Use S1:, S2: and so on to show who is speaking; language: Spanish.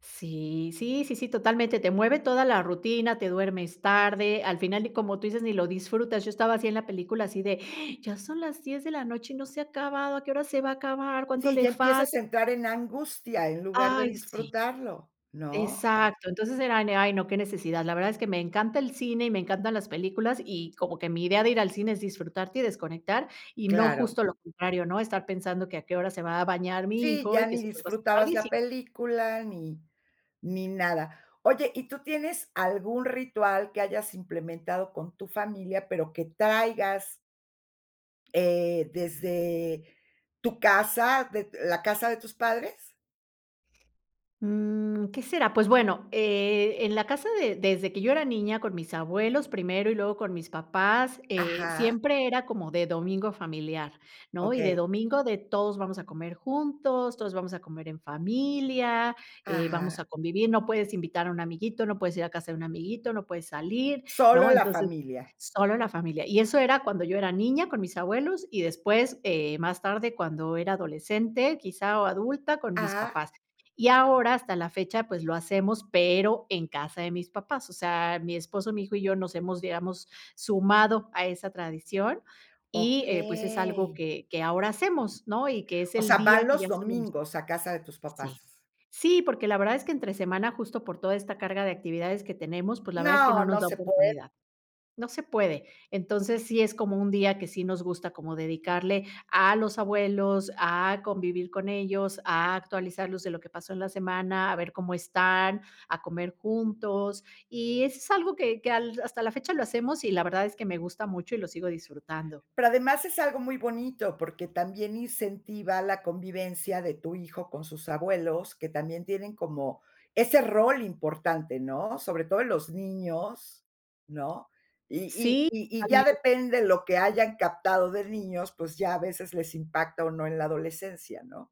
S1: Sí, sí, sí, sí, totalmente, te mueve toda la rutina, te duermes tarde, al final y como tú dices, ni lo disfrutas, yo estaba así en la película así de, ya son las 10 de la noche y no se ha acabado, ¿a qué hora se va a acabar? ¿Cuánto
S2: Sí,
S1: le
S2: ya
S1: falt?
S2: empiezas a entrar en la angustia, en lugar de
S1: Ay, sí.
S2: disfrutarlo, ¿no?
S1: Exacto. Entonces, era de: "Ay, no, qué necesidad". La verdad es que me encanta el cine y me encantan las películas, y como que mi idea de ir al cine es disfrutarte y desconectar, y no
S2: Claro.
S1: justo lo contrario, ¿no? Estar pensando que a qué hora se va a bañar mi
S2: Sí,
S1: hijo y
S2: ya
S1: que
S2: ni
S1: se nos va a hacer
S2: disfrutabas la
S1: tardísimo.
S2: película ni, ni nada. Oye, ¿y tú tienes algún ritual que hayas implementado con tu familia, pero que traigas? ¿eh, desde tu casa, de la casa de tus padres?
S1: Mm, ¿Qué será? Pues, bueno, eh, en la casa de desde que yo era niña, con mis abuelos, primero, y luego con mis papás, eh,
S2: Ajá.
S1: siempre era como de domingo familiar, ¿no? Y de
S2: Okey.
S1: domingo de todos vamos a comer juntos, todos vamos a comer en familia, eh, vamos a
S2: Ajá.
S1: convivir, no puedes invitar a un amiguito, no puedes ir a casa de un amiguito, no puedes salir,
S2: Solo
S1: ¿no?
S2: la
S1: Entonces,
S2: familia.
S1: solo la familia. Y eso era cuando yo era niña, con mis abuelos, y después, eh, más tarde, cuando era adolescente, quizá, o adulta, con mis
S2: Ajá.
S1: papás. Y ahora, hasta la fecha, pues, lo hacemos, pero en casa de mis papás. O sea, mi esposo, mi hijo y yo nos hemos, digamos, sumado a esa tradición, y, eh, pues, es algo
S2: Okey.
S1: que que ahora hacemos, ¿no? Y que es
S2: O
S1: el
S2: sea, van
S1: día que ya
S2: los
S1: sabemos.
S2: domingos a casa de tus
S1: Sí.
S2: papás.
S1: Sí, porque la verdad es que entre semana, justo, por toda esta carga de actividades que tenemos, pues, la verdad es que no
S2: No,
S1: nos
S2: no
S1: da
S2: sé puede.
S1: oportunidad, no se puede. Entonces, sí es como un día que sí nos gusta como dedicarle a los abuelos, a convivir con ellos, a actualizarlos de lo que pasó en la semana, a ver cómo están, a comer juntos, y eso es algo que que al hasta la fecha lo hacemos y la verdad es que me gusta mucho y lo sigo disfrutando.
S2: Pero además es algo muy bonito, porque también incentiva la convivencia de tu hijo con sus abuelos, que también tienen como ese rol importante, ¿no? Sobre todo en los niños, ¿no? Y y
S1: Sí,
S2: y y
S1: al
S2: ya
S1: men
S2: depende lo que hayan captado de niños, pues ya a veces les impacta o no en la adolescencia, ¿no?